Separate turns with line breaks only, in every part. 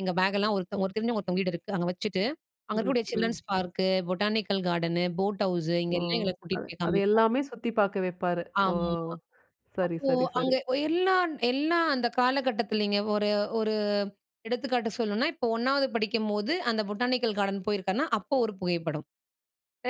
எங்க பேக்கெல்லாம் ஒருத்த ஒரு தெரிஞ்சவங்க ஒருத்தவங்க வீடு இருக்கு. அங்க வச்சுட்டு, அங்க
ம்ஹ்ம்.
இருக்கக்கூடிய
ம்.
Children's park, botanical garden, boat house
ஓ!
இங்கே எல்லாம் எங்கள
அது
கூட்டிட்டு போய்
அதை
காமிப்பாங்ரு.
எல்லாமே சுத்திப் பாக்க வெப்பாரு. ஓ!
ஆமாமா.
சரி,
அப்போ,
சரி,
அங்க
சரி.
ஒ எல்லான் எல்லாம் அந்த காலகட்டத்திலங்க, ஒரு ஒரு எடுத்துக்காட்டு சொல்லணும்ன்னா, இப்போ ஒண்ணாவது படிக்கும்போது, அந்த பொட்டானிக்கல் கார்டன் போயிருக்கேன்னா, அப்போ ஒரு புகைப்படம்.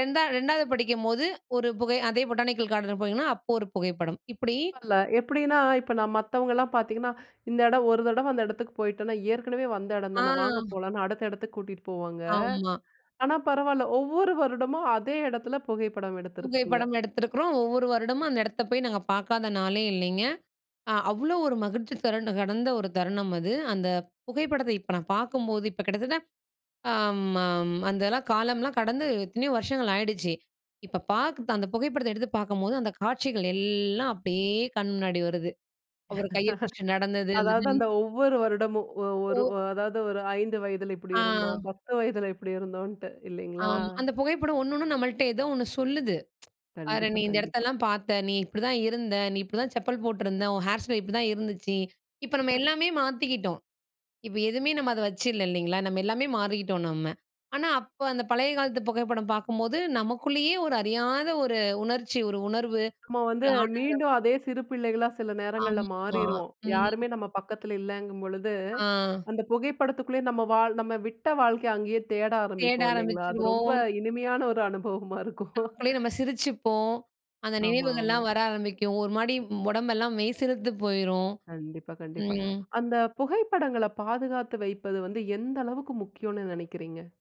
2ஆ- 2வது படிக்கும்போது ஒரு புகை அதே பொட்டானிக்கல் கார்டன் போனேங்ன்னா, அப்போ ஒரு புகைப்படம். இப்புடி
பரவால்ல. எப்படின்னா, இப்போ நான் மத்தவங்கள்லாம் பாத்தீங்கன்னா, இந்த எடம் ஒரு தடவ அந்த எடத்துக்கு போயிட்டோம்னா, ஏற்கனவே வந்த எடம்
ஆ.
தானே! வாங்க போலாம்ன்னு, அடுத்த எடத்துக்கு கூட்டிட்டு போவாங்க.
ஆமா.
ஆனா பரவால்ல, ஒவ்வொரு வருடமும் அதே எடத்துல புகைப்படம் எடுத்திருக்கீங்க.
புகைப்படம் எடுத்திருக்கிறோம். ஒவ்வொரு வருடமும் அந்த எடத்த போயி நாங்க பாக்காத நாளே இல்லைங்க. ஆ அவ்ளோ ஒரு மகிழ்ச்சி தரகண்ட கடந்த ஒரு தருணம் அது. அந்த புகைப்படத்த இப்ப நான் பாக்கும்போது இப்போ கிட்டத்தட்ட அம் அம் அந்தலாம் காலம்லாம் கடந்து எத்தனையோ வருஷங்கள் ஆயிடுச்சு. இப்போ பாக்கத்த அந்த புகைப்படத்த எடுத்து பாரக்கும்போது, அந்த காட்சிகள் எல்லாம் அப்படியே கண் முன்னாடி வருது. அவரு கையை பிடிச்சு நடந்தது அந்த
அதாவது அந்த ஒவ்வொரு வருடமும், ஒ ஒரு
ஓ.
அதாவது ஒரு 5 வயதில இப்படி இருந்தோம்,
ஆ.
10 வயதில இப்படி இருந்தோன்னுட்டு. இல்லைங்களா?
ஆமா. அந்த புகைப்படம் ஒண்ணு ஒண்ணும் நம்மள்ட்ட ஏதோ ஒண்ணு சொல்லுது. "பாரேன்
கண்டிப்பா
நீ இந்த
கண்டிப்பா.
இடத்தெல்லாம் பாத்த, நீ இப்படிதான் இருந்த. நீ இப்படிதான் செப்பல் போட்டிருந்த. உன் ஹேர் ஸ்டைல் இப்படி தான் இருந்துச்சு" இப்போ நம்ம எல்லாமே மாத்திக்கிட்டோம். இப்போ எதுவுமே நம்ம அத வச்சுல்ல இல்லீங்களா? நம்ம எல்லாமே மாறிகிட்டோம் நம்ம. ஆனா அப்ப அந்த பழைய காலத்து புகைப்படம் பாக்கும்போது, நமக்குள்ளயே ஒரு அறியாத ஒரு உணர்ச்சி, ஒரு உணர்வு,
நம்ம வந்து
ஒரு ஆனந்தம்
மீண்டும் அதே சிறு பிள்ளைகளா சில நேரங்கள்ல
ஆமா.
மாறிருவோம்.
ம்.
யாருமே நம்ம பக்கத்தில இல்லங்கும்பொழுது,
ஆ.
அந்த புகைப்படத்துக்குள்ளயே நம்ம வாழ் நம்ம விட்ட வாழ்க்கைய, அங்கயே தேட
தேட
ஆரம்பிப்போம், இல்லைஙகளா? அது ரொம்ப
ஆரம்பிச்சுருவோம்.
இனிமையான ஒரு அனுபவமா இருக்கும்.
நமக்குள்ளேயே நம்ம சிரிச்சுப்போம். அந்த
ஆமா, ஆமா.
நினைவுகள்லாம் வர ஆரம்பிக்கும். ஒரு மாரி உடம்பெல்லாம் மெய்சிலுத்து போய்ரும்.
கண்டிப்பா, கண்டிப்பா.
ம்.
அந்த புகைப்படங்கள பாதுகாத்து வைப்பது வந்து, எந்த அளவுக்கு முக்கியம்ன்னு நெனைக்கிறீங்க?